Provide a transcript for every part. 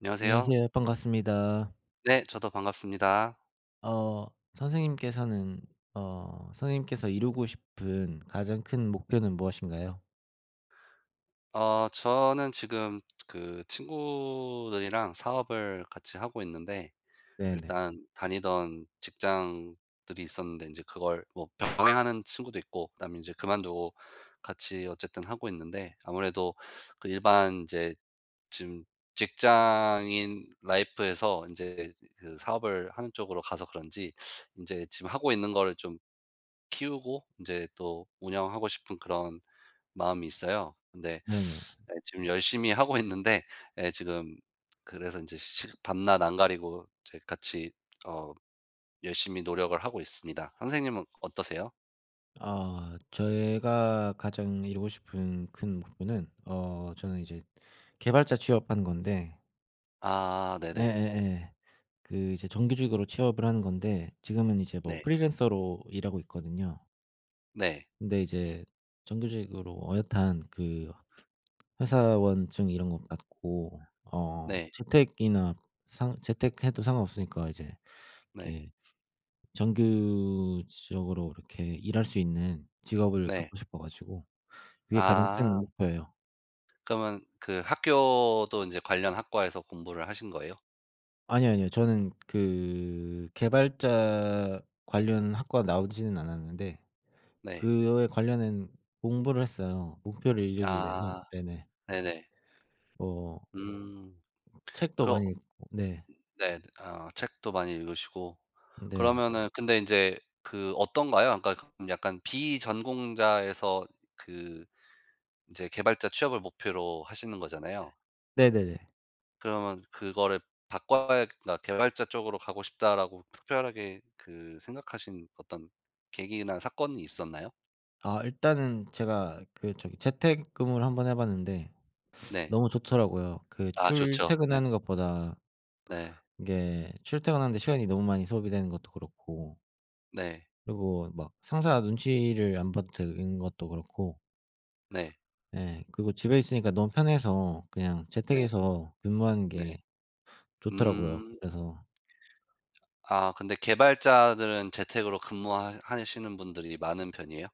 안녕하세요. 안녕하세요. 반갑습니다. 네. 저도 반갑습니다. 어 선생님께서는 어 선생님께서 이루고 싶은 가장 큰 목표는 무엇인가요? 어 저는 지금 그 친구들이랑 사업을 같이 하고 있는데 네네. 일단 다니던 직장들이 있었는데 인제 그걸 뭐 병행 하는 친구도 있고 그다음에 인제 그만두고 같이 어쨌든 하고 있는데 아무래도 그 일반 이제 지금 직장인 life에서 인제 그 사업을 하는 쪽으로 가서 그런지 인제 지금 하고 있는 걸 좀 키우고 인제 또 운영하고 싶은 그런 마음이 있어요. 근데 네네. 네 지금 열심히 하고 있는데 예 지금 그래서 인제 시 밤낮 안 가리고 인제 같이 어 열심히 노력을 하고 있습니다. 선생님은 어떠세요? 아 제가 가장 이루고 싶은 큰 목표는 어 저는 이제 개발자 취업하는 건데 아 네네. 예예예. 그 이제 정규직으로 취업을 하는 건데 지금은 이제 뭐 네. 프리랜서로 일하고 있거든요. 네. 근데 이제 정규직으로 어엿한 그 회사원증 이런 것 갖고 어 네. 재택이나 상 재택 해도 상관없으니까 이제 네. 이렇게 정규적으로 이렇게 일할 수 있는 직업을 네. 갖고 싶어 가지고 그게 가장 아. 큰 목표예요. 그러면 그 학교도 인제 관련 학과에서 공부를 하신 거예요? 아니요 아니요. 저는 그 개발자 관련 학과 나오지는 않았는데 네. 그거에 관련한 공부를 했어요, 목표를 이루기 위해서. 아 네네. 네네. 어. 음. 책도 그럼 많이 읽고 네. 네. 아 책도 많이 읽으시고. 네. 그러면 근데 이제 그 어떤가요? 그러니까 그럼 약간 비전공자에서 그 인제 개발자 취업을 목표로 하시는 거잖아요. 네네네. 그러면 그거를 바꿔야 그러니까 '개발자 쪽으로 가고 싶다.'라고 특별하게 그 생각 하신 어떤 계기나 사건이 있었나요? 아 일단은 제가 그 저기 재택근무를 1 번 해봤는데 네. 너무 좋더라고요. 그 아 좋죠 네. 출퇴근하는 것보다 네. 이게 출퇴근하는 데 시간이 너무 많이 소비되는 것도 그렇고 네. 그리고 막 상사 눈치를 안 봐도 되는 것도 그렇고. 네. 네 그리고 집에 있으니까 너무 편해서 그냥 재택 네. 해서 근무하는 네. 게 좋더라고요, 음. 그래서 아 근데 개발자들은 재택으로 근무하 하시는 분들이 많은 편이에요?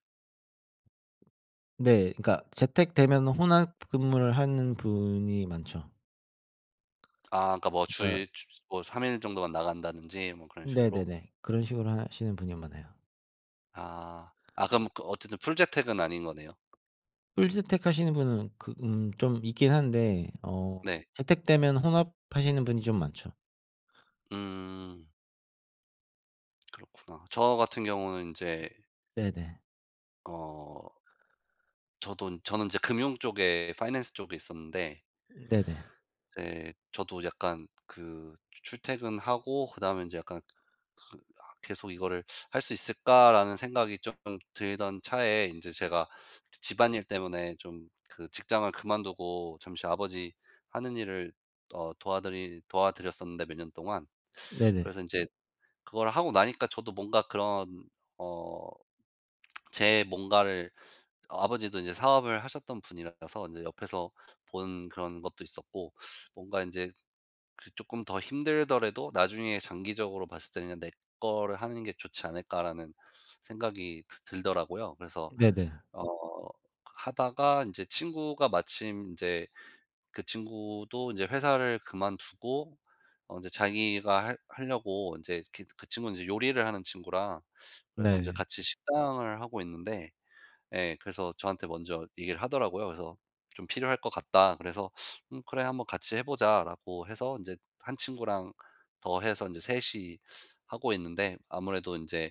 네 그러니까 재택 되면 혼합 근무를 하는 분이 많죠. 아 그러니까 뭐 그니까 주일 주이 주 뭐 3 일 정도만 나간다든지 뭐 그런 식으로. 네네네. 그런 식으로 하시는 분이 많아요. 아. 아 그럼 그 어쨌든 풀 재택은 아닌 거네요. 풀 재택 하시는 분은 그 음 좀 있긴 한데 어 네. 재택 되면 혼합하시는 분이 좀 많죠. 음. 그렇구나. 저 같은 경우는 인제 네네. 어. 저도 저는 인제 금융 쪽에 파이낸스 쪽에 있었는데 네네. 이제 저도 약간 그 추 출퇴근하고 그다음에 인제 약간 그 아 '계속 이거를 할 수 있을까?'라는 생각이 쪼끔 들던 차에 인제 제가 지 집안일 때문에 좀 그 직장을 그만두고 잠시 아버지 하는 일을 어 도와드리 도와드렸었는데, 몇 년 동안. 네네. 그래서 인제 그걸 하고 나니까 저도 뭔가 그런 어 제 뭔가를 어 아버지도 인제 사업을 하셨던 분이라서 인제 옆에서 본 그런 것도 있었고 뭔가 인제 그래도 쪼끔 더 힘들더라도 나중에 장기적으로 봤을 때는 '그냥 내 거를 하는 게 좋지 않을까'라는 생각이 드 들더라고요. 그래서 네네. 어 하다가 인제 친구가 마침 인제 그 친구도 인제 회사를 그만두고 어 인제 자기가 할 하려고 인제 그 그 친구는 인제 요리를 하는 친구라 그래서 인제 네. 같이 식당을 하고 있는데 예. 그래서 저한테 먼저 얘기를 하더라고요. 그래서 좀 "필요할 것 같다." 그래서 "응 그래 한번 같이 해 보자."라고 해서 인제 1 친구랑 더 해서 3 이 하고 있는데 아무래도 인제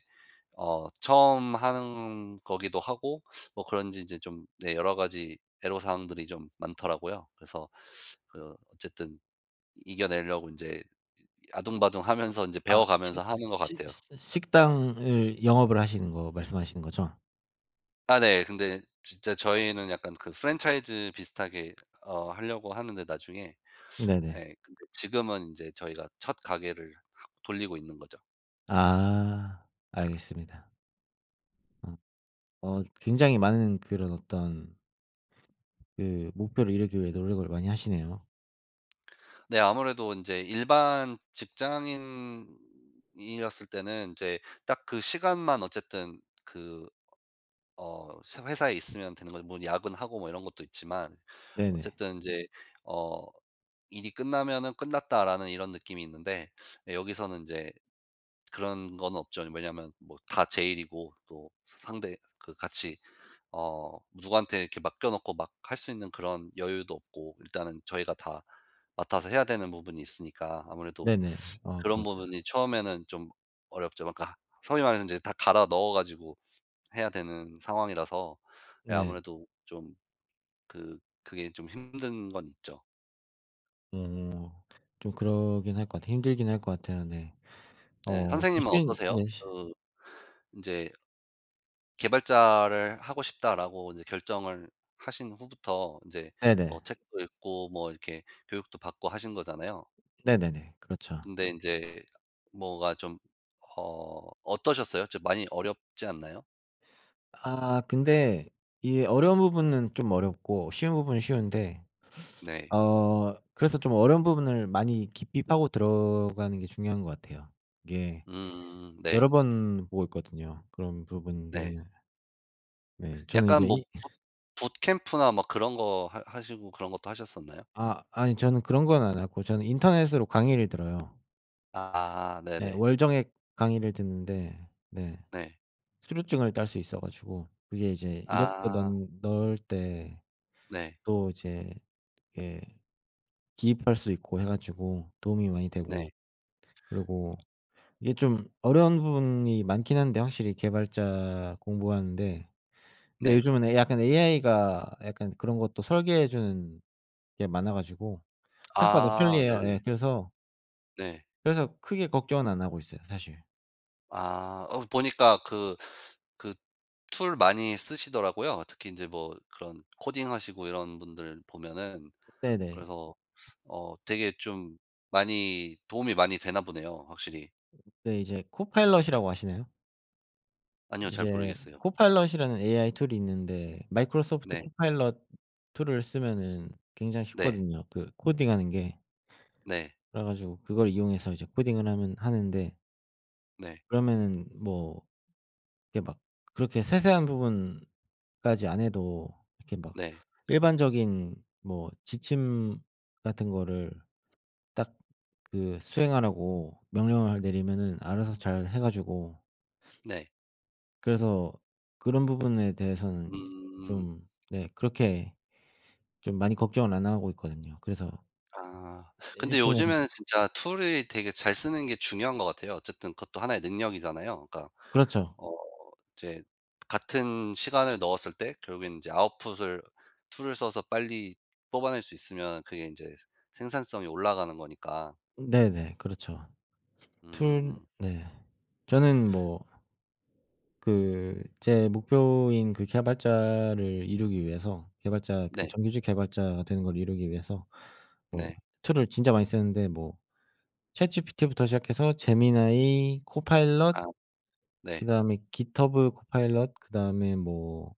어 처음 하는 거기도 하고 뭐 그런지 인제 좀 네 여러 가지 애로사항들이 좀 많더라고요. 그래서 그 어쨌든 이겨내려고 인제 아등바등하면서 인제 아 시 배워가면서 하는 것 시 같아요. 시 식당을 영업을 하시는 거 말씀하시는 거죠? 아 네. 근데 진짜 저희는 약간 그 프랜차이즈 비슷하게 어 하려고 하는데, 나중에. 네네. 예 근데 지금은 이제 저희가 첫 가게를 하 돌리고 있는 거죠. 아. 알겠습니다. 어. 어 굉장히 많은 그런 어떤 그 목표를 이루기 위해 노력을 많이 하시네요. 네 아무래도 인제 일반 직장인이었을 때는 인제 딱 그 시간만 어쨌든 그 어 새 회사에 있으면 되는 거죠. 뭐 야근하고 뭐 이런 것도 있지만 네네. 어쨌든 인제 어 일이 끝나면은 '끝났다.'라는 이런 느낌이 있는데 예 여기서는 인제 그런 건 없죠. 왜냐하면 뭐 다 제 일이고 또 상대 그 같이 어 누구한테 이렇게 맡겨놓고 막 할 수 있는 그런 여유도 없고 일단은 저희가 다 맡아서 해야 되는 부분이 있으니까 아무래도 네네. 아 그런 그렇죠. 부분이 처음에는 좀 어렵죠. 그러니까 소위 말해서 인제 다 갈아 넣어 가지고 해야 되는 상황이라서 예 네. 아무래도 좀 그 그게 좀 힘든 건 있죠. 오. 좀 그러긴 할 것 같아 힘들긴 할 것 같아요 네. 네. 어. 또 선생님은 쉬운 어떠세요? 예시 그 인제 '개발자를 하고 싶다.'라고 이제 결정을 하신 후부터 인제 뭐 네네. 책도 읽고 뭐 이렇게 교육도 받고 하신 거잖아요. 네네네. 그렇죠. 근데 인제 뭐가 좀 어 어떠셨어요? 좀 많이 어렵지 않나요? 아. 근데 이게 어려운 부분은 좀 어렵고 쉬운 부분은 쉬운데 네. 어 그래서 좀 어려운 부분을 많이 깊이 파고 들어가는 게 중요한 것 같아요. 이게 음 네. 여러 번 보고 있거든요 그런 네. 부분들은. 네. 저는 약간 이제 뭐 이 boot bootcamp나 막 그런 것 하 하시고 그런 것도 하셨었나요? 아 아니 저는 그런 건 안 하고 저는 인터넷으로 강의를 들어요. 아 네. 네네. 월정액 강의를 듣는데 네. 네. 수료증을 딸 수 있어 가지고 그게 이제 이력서 아. 넌 넣을 때 네. 또 이제 이게 기입할 수 있고 해 가지고 도움이 많이 네. 되고 그리고 이게 좀 어려운 부분이 많긴 한데 확실히 개발자 공부하는데 근데 네. 요즘은 에 약간 AI가 약간 그런 것도 설계해 주는 게 많아 가지고 생각보다 아 편리해요. 네네. 예 그래서 네. 그래서 크게 걱정은 안 하고 있어요 사실. 아 어 보니까 그 그 툴 많이 쓰시더라고요. 특히 인제 뭐 그런 코딩하시고 이런 분들 보면은. 네네. 그래서 어 되게 좀 많이 도움이 많이 되나 보네요 확실히. 네 이제 코파일럿이라고 아시나요? 아니요. 잘 인제 모르겠어요. 코파일럿이라는 AI 툴이 있는데 마이크로소프트 네. 코파일럿 툴을 쓰면은 굉장히 네. 쉽거든요 그 코딩하는 게. 네. 그래 가지고 그걸 이용해서 이제 코딩을 하면 하는데 네. 그러면은 뭐 이렇게 막 그렇게 세세한 부분까지 안 해도 이렇게 막 네. 일반적인 뭐 지침 같은 거를 딱 그 수행하라고 명령을 내리면은 알아서 잘 해 가지고 네. 그래서 그런 부분에 대해서는 음. 좀 네 그렇게 좀 많이 걱정을 안 하고 있거든요. 그래서 아. 1 근데 주일 만에 요즘에는 진짜 툴을 되게 잘 쓰는 게 중요한 것 같아요. 어쨌든 그것도 1 의 능력이잖아요. 그러니까 그렇죠. 어 이제 같은 시간을 넣었을 때 결국엔 인제 아웃풋을 툴을 써서 빨리 뽑아낼 수 있으면 그게 인제 생산성이 올라가는 거니까. 네네. 그렇죠. 툴 음. 네 저는 뭐 그 제 목표인 그 개발자를 이루기 위해서 개발자 그 네. 정규직 개발자가 되는 걸 이루기 위해서 뭐 네. 툴을 진짜 많이 쓰는데 뭐 ChatGPT부터 시작해서 제미나이, 코파일럿 아. 네. 그다음에 깃허브 코파일럿 그다음에 뭐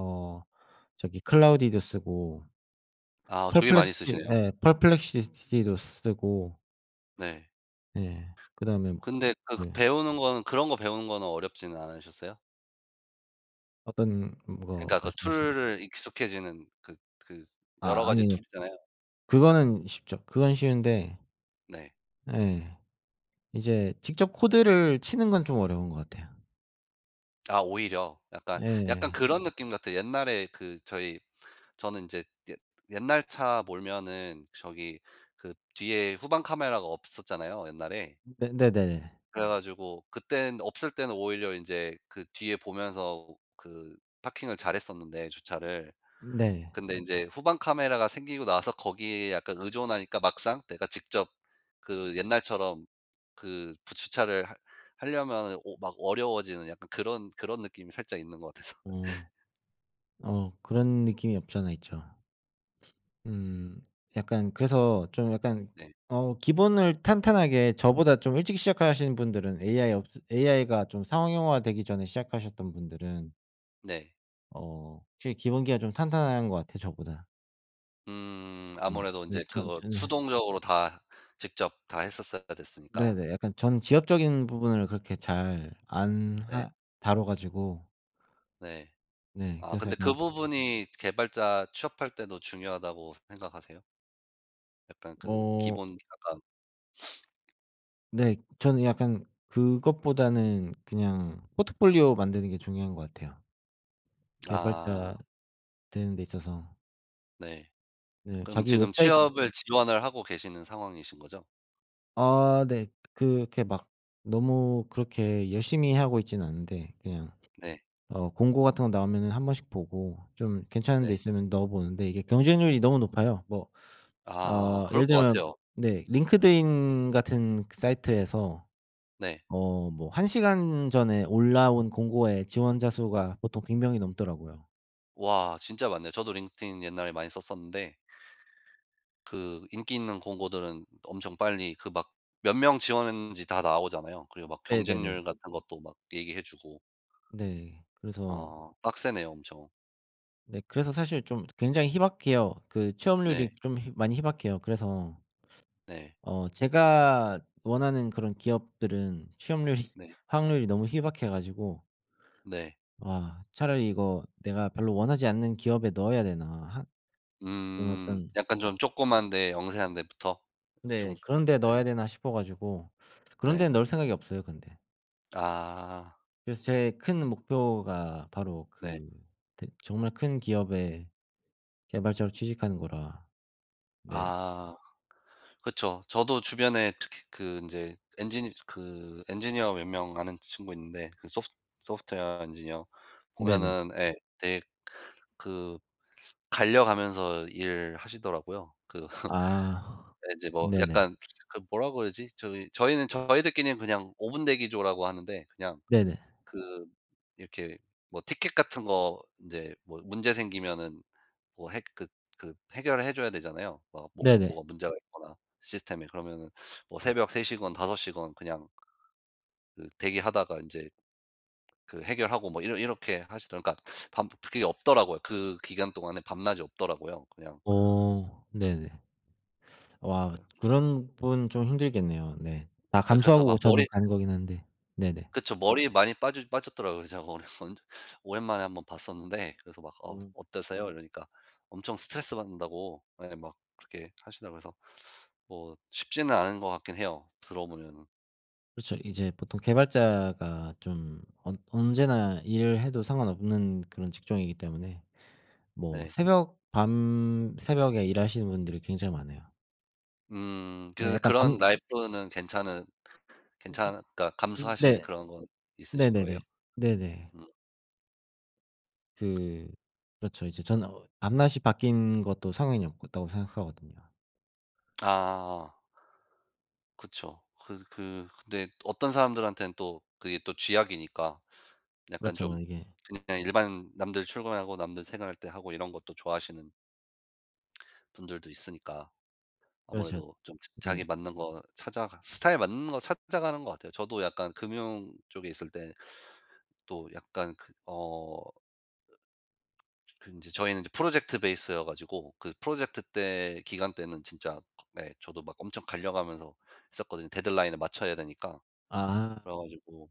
어 저기 클로드도 쓰고 아 되게 많이 퍼플렉시티 쓰시네요. 예 퍼플렉시시티도 쓰고 네. 네. 그다음에 뭐 근데 그 네. 배우는 거는 그런 것 배우는 거는 어렵지는 않으셨어요? 어떤 뭐 거 그러니까 그 말씀하신 툴을 익숙해지는 그 그 여러 아 가지 아니요. 툴이잖아요. 그거는 쉽죠. 그건 쉬운데 네. 예. 이제 직접 코드를 치는 건 좀 어려운 것 같아요. 아 오히려. 약간 약간 예. 그런 느낌 같아요. 옛날에 그 저희 저는 인제 옛 옛날 차 몰면은 저기 그 뒤에 후방 카메라가 없었잖아요 옛날에. 네네네. 그래 가지고 그때는 없을 때는 오히려 인제 그 뒤에 보면서 그 parking을 잘했었는데 주차를. 네. 근데 인제 후방 카메라가 생기고 나서 거기에 약간 의존하니까 막상 내가 직접 그 옛날처럼 그 푸 주차를 하 하려면은 오 막 어려워지는 약간 그런 그런 느낌이 살짝 있는 것 같아서. 어. 어 그런 느낌이 없잖아 있죠. 음. 약간 그래서 좀 약간 네. 어 기본을 탄탄하게 저보다 좀 일찍 시작하시는 분들은 AI 없으 AI가 좀 상용화 되기 전에 시작하셨던 분들은 네. 어 확실히 기본기가 좀 탄탄한 것 같아요 저보다. 음 네. 아무래도 근데 인제 전 그거 저는 수동적으로 다 직접 다 했었어야 됐으니까. 네네. 약간 전 지엽적인 부분을 그렇게 잘 안 네. 하 다뤄 가지고 네. 네. 아 그래서 근데 그 약간 부분이 개발자 취업할 때도 중요하다고 생각하세요? 약간 그 어. 기본기 약간 네. 저는 약간 그것보다는 그냥 포트폴리오 만드는 게 중요한 것 같아요. 아. 개발자 되는 데 있어서. 네. 네. 그럼 자기 지금 웹사이트 취업을 이런 지원을 하고 계시는 상황이신 거죠? 아 네. 그렇게 막 너무 그렇게 열심히 하고 있지는 않은데 그냥 네. 어 공고 같은 거 나오면은 한 번씩 보고 좀 괜찮은 데 네. 있으면 넣어 보는데 이게 경쟁률이 너무 높아요. 뭐 아 어 그럴 예를 것 들면 같아요. 네 링크드인 같은 사이트에서 네. 어 뭐 1 시간 전에 올라온 공고에 지원자 수가 보통 100 명이 넘더라고요. 와 진짜 많네요. 저도 링크드인 옛날에 많이 썼었는데 그 인기 있는 공고들은 엄청 빨리 그 막 몇 명 지원했는지 다 나오잖아요. 그리고 막 경쟁률 네네네. 같은 것도 막 얘기해 주고. 네. 그래서 어. 빡세네요 엄청. 네. 그래서 사실 좀 굉장히 희박해요. 그 취업률이 네. 좀 희 많이 희박해요. 그래서 네. 어 제가 원하는 그런 기업들은 취업률이 네. 확률이 너무 희박해 가지고 네. '와. 차라리 이거 내가 별로 원하지 않는 기업에 넣어야 되나?' 하 그런 음. 어떤 약간 좀 쪼끄만데 영세한 데부터? 네. 중스 '그런 데 넣어야 네. 되나?' 싶어 가지고 그런 네. 데는 넣을 생각이 없어요 근데. 아. 그래서 제 큰 목표가 바로 네. 그 대 정말 큰 기업의 개발자로 취직하는 거라. 네. 아. 그쵸. 저도 주변에 특히 그 인제 엔지니 그 엔지니어 몇 명 아는 친구 있는데 그 소프 소프트웨어 엔지니어 네네. 보면은 예 되게 그 갈려가면서 일하시더라고요. 그 아. 네 인제 뭐 네네. 약간 그걸 뭐라 그러지? 저희 저희는 저희들끼리는 그냥 5 분대기조라고 하는데 그냥 네네. 그 이렇게 뭐 티켓 같은 거 인제 뭐 문제 생기면은 뭐 해 그 그 해결해 줘야 되잖아요. 막 뭐 네네. 뭐가 문제가 있거나 시스템에 그러면은 뭐 네. 새벽 3 시건 5 시건 그냥 그 대기하다가 인제 그 해결하고 뭐 이러 이렇게 하시든 그러니까 밤 그게 없더라고요 그 기간 동안에 밤낮이 없더라고요 그냥 어. 네네. 와 그냥 그런 분 좀 힘들겠네요 네. 다 네. 그래서 감수하고 막 머리 저는 가는 거긴 한데 네네. 그쵸. 머리 많이 빠지 빠졌더라고요. 그래 제가 언 언제 오랜만 오랜만에 1 번 봤었는데 그래서 막 "어 어. 어떠세요?" 이러니까 엄청 스트레스 받는다고 예 막 그렇게 하시더라 그래서 뭐 쉽지는 않은 것 같긴 해요 들어 보면은. 그렇죠. 이제 보통 개발자가 좀 언 언제나 일을 해도 상관없는 그런 직종이기 때문에 뭐 네. 새벽 밤 새벽에 일하시는 분들이 굉장히 많아요. 음 예 그래서 약간 그런 밤 라이프는 괜찮은 으음. 괜찮 그러니까 음 감수하실 네. 그런 건 있으신 거예요? 네네네. 네네. 음. 그 그렇죠. 이제 저는 어 '밤낮이 바뀌는 것도 상관이 없다.'고 생각하거든요. 아. 그쵸. 그래 그 근데 어떤 사람들한테는 또 그게 또 쥐약이니까 약간 그렇죠. 좀 이게 그냥 일반 남들 출근하고 남들 생활할 때 하고 이런 것도 좋아하시는 분들도 있으니까 그렇죠. 아무래도 좀 자기 음. 맞는 거 찾아가 스타일 맞는 거 찾아가는 것 같아요. 저도 약간 금융 쪽에 있을 때 또 약간 그 어 그 인제 저희는 인제 프로젝트 베이스여 가지고 그 프로젝트 때 기간 때는 진짜 네 저도 막 엄청 갈려 가면서 했었거든요 데드라인에 맞춰야 되니까. 아. 그래 가지고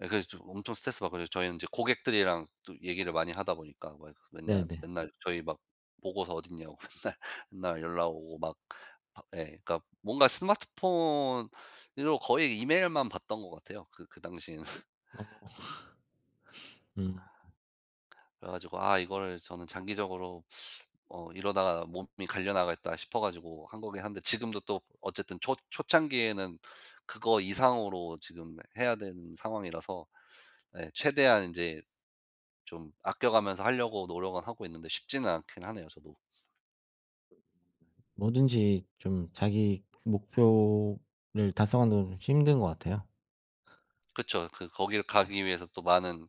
예 그래서 저 엄청 스트레스받거든요. 저희는 인제 고객들이랑 또 얘기를 많이 하다 보니까 막 이렇게 맨냘 네네. 맨날 저희 막 "보고서 어딨냐."고 맨날 맨날 연락 오고 막 밤 예. 그러니까 뭔가 스마트폰으로 거의 이메일만 봤던 것 같아요 그 그 당시에는. 어. 음. 그래 가지고 아 이거를 저는 장기적으로 '어 이러다가 몸이 갈려 나가겠다.' 싶어 가지고 한 거긴 한데 지금도 또 어쨌든 초 초창기에는 그거 이상으로 지금 해야 되는 상황이라서 예 최대한 인제 좀 아껴가면서 하려고 노력은 하고 있는데 쉽지는 않긴 하네요 저도. 뭐든지 좀 자기 그 목표를 달성하는 건 힘든 것 같아요. 그쵸. 그 거기를 네. 가기 위해서 또 많은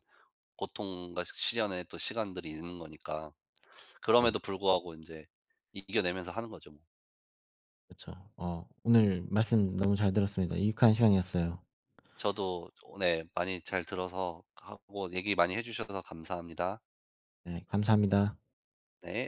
고통과 시 시련의 또 시간들이 있는 거니까. 네. 그럼에도 불구하고 인제 이 이겨내면서 하는 거죠 뭐. 그쵸. 어 오늘 말씀 너무 잘 들었습니다. 유익한 시간이었어요. 저도 저 오 네. 많이 잘 들어서 하고 얘기 많이 해 주셔서 감사합니다. 네. 감사합니다. 네.